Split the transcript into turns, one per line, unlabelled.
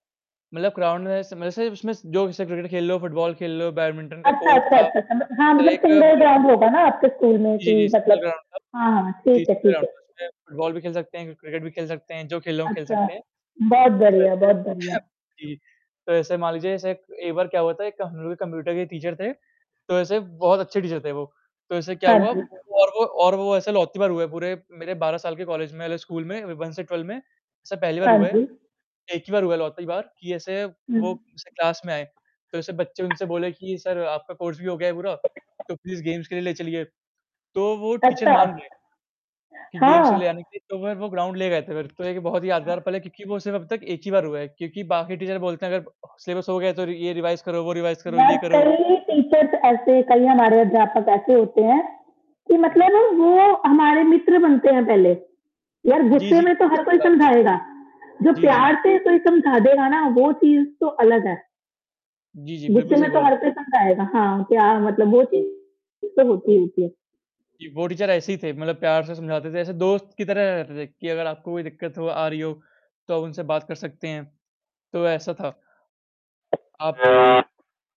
मतलब ग्राउन्ड में ऐसे मैसे उसमें जो स क्रिकेट खेल रे हो, फुटबॉल खेल रे हो, बैडमिंटन का
अच्छा,
कोर्ट
अच्छा,
था।
अच्छा,
तो
[unintelligible] अच्छा। हाँ, मतलब सिंगल
एक [unintelligible]
ग्राउंड होगा ना आपके स्कूल में
जी, जी।
कि
इसका
मतलब
ग्राउन्ड था।
हाँ, हाँ।
जी,
ठीक है,
इसका
ठीक है।
ग्राउन्ड था। उसमें फुटबॉल भी खेल सकते हैं, क्रिकेट भी खेल सकते हैं जो खेलना हो
अच्छा।
सकते हैं,
बहुत
तो
बढ़िया,
ऐसे
बहुत
हाँ
बढ़िया।
जी। तो ऐसे मान लीजिए ऐसे एक बार क्या हुआ था, एक हम लोग के कंप्यूटर के टीचर थे, तो ऐसे बहुत अच्छे टीचर थे वो, तो ऐसे क्या
हाँ
हुआ
जी।
और वो और वो ऐसे लौती बार हुए पूरे मेरे 12 साल के कॉलेज में स्कूल में 1 से 12 में ऐसा पहली बार
हाँ
हुआ है,
जी।
1 ही बार हुआ है इकलौती बार कि ऐसे वो
हुँ।
जैसे क्लास में आए, तो ऐसे बच्चे उनसे बोले कि सर आपका कोर्स भी हो गया है पूरा, तो प्लीज गेम्स के लिए ले चलिए, तो वो टीचर
अच्छा।
मान गए कि गेम्स को ले
हाँ।
जाने के लिए, तो फिर वो ग्राउंड ले गए थे फिर, तो एक बहुत ही यादगार
हाँ।
पल है क्योंकि वो सिर्फ़ अब तक एक ही बार हुआ है क्योंकि बाकी टीचर बोलते हैं अगर सिलेबस हो गया तो रि ये रिवाइज़ करो, वो रिवाइज़ करो,
यार
ये करो
कई टीचर्स ऐसे कई हमारे अध्यापक ऐसे होते हैं कि
हुँ।
मतलब वो हमारे मित्र बनते है पहले, यार
जी,
गुस्से
जी।
में तो
बिल्कुल
हर
सही
कोई
बोला आपने।
समझाएगा, जो
जी, जी।
प्यार से कोई समझा देगा ना, वो चीज़ तो अलग है।
जी, जी। बिल्कुल
गुस्से
सही
में तो
बोला आपने।
हर कोई समझाएगा। हाँ, प्यार मतलब वो
तो
[unintelligible] तो होती ही थी।
जी, वो टीचर ऐसे ही थे मतलब प्यार से समझाते थे, ऐसे दोस्त की तरह रहते थे कि अगर आपको कोई दिक्कत हो आ रही हो, तो आप उनसे बात कर सकते हैं। तो ऐसा था। आप